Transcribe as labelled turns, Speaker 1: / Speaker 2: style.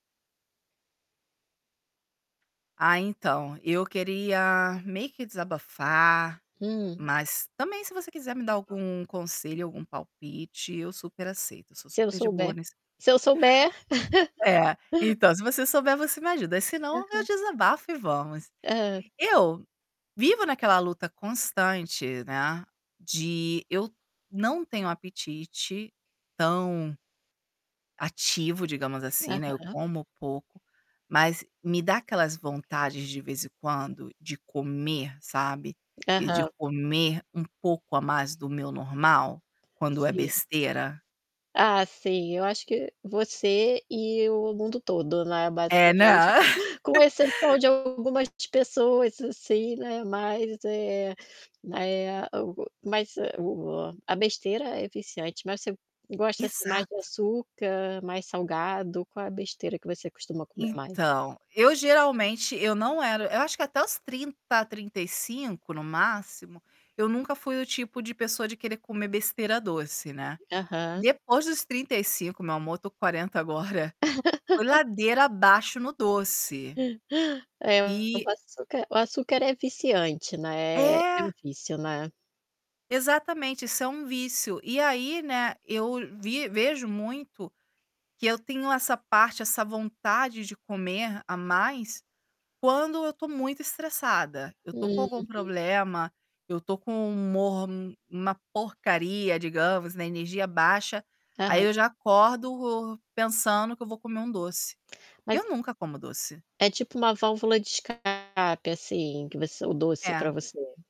Speaker 1: Ah, então, eu queria meio que desabafar,
Speaker 2: Hum.
Speaker 1: mas também se você quiser me dar algum conselho, algum palpite, eu super aceito, eu sou
Speaker 2: Se eu
Speaker 1: super de boa
Speaker 2: souber
Speaker 1: nesse
Speaker 2: se eu souber.
Speaker 1: É. Então, se você souber você me ajuda, senão eu
Speaker 2: Aham.
Speaker 1: desabafo e vamos.
Speaker 2: Hã.
Speaker 1: Eu vivo naquela luta constante, né, de eu não tenho apetite tão ativo, digamos assim, né, eu
Speaker 2: Aham.
Speaker 1: como pouco, mas me dá aquelas vontades de vez em quando de comer, sabe. E de
Speaker 2: Aham.
Speaker 1: comer um pouco a mais do meu normal, quando é
Speaker 2: Sim.
Speaker 1: besteira.
Speaker 2: Ah, sim, eu acho que você e o mundo todo, né,
Speaker 1: É,
Speaker 2: basicamente,
Speaker 1: né.
Speaker 2: com exceção de algumas pessoas assim, né, mais, eh, mai eh o mas o a besteira é viciante mas você gosta assim mais de
Speaker 1: Exato.
Speaker 2: açúcar, mais salgado, qual é a besteira que você costuma comer mais?
Speaker 1: Então, eu geralmente eu não era eu acho que até os 30, 35 no máximo, eu nunca fui o tipo de pessoa de querer comer besteira doce, né.
Speaker 2: Aham.
Speaker 1: Depois dos 35, meu amor, eu tô com 40 agora, foi ladeira abaixo no doce.
Speaker 2: É, o
Speaker 1: E
Speaker 2: açúcar o açúcar é viciante, né, é
Speaker 1: É.
Speaker 2: vício, né.
Speaker 1: Exatamente, isso é um vício. E aí, né, eu vi vejo muito que eu tenho essa parte, essa vontade de comer a mais, quando eu tô muito estressada. Eu tô com algum
Speaker 2: Uhum.
Speaker 1: problema, eu tô com o humor uma porcaria, digamos, na energia baixa, aí
Speaker 2: Aham.
Speaker 1: eu já acordo pensando que eu vou comer um doce. E
Speaker 2: Mas
Speaker 1: eu nunca como doce.
Speaker 2: é tipo uma válvula de escape, assim, que você o doce
Speaker 1: É.
Speaker 2: pra você.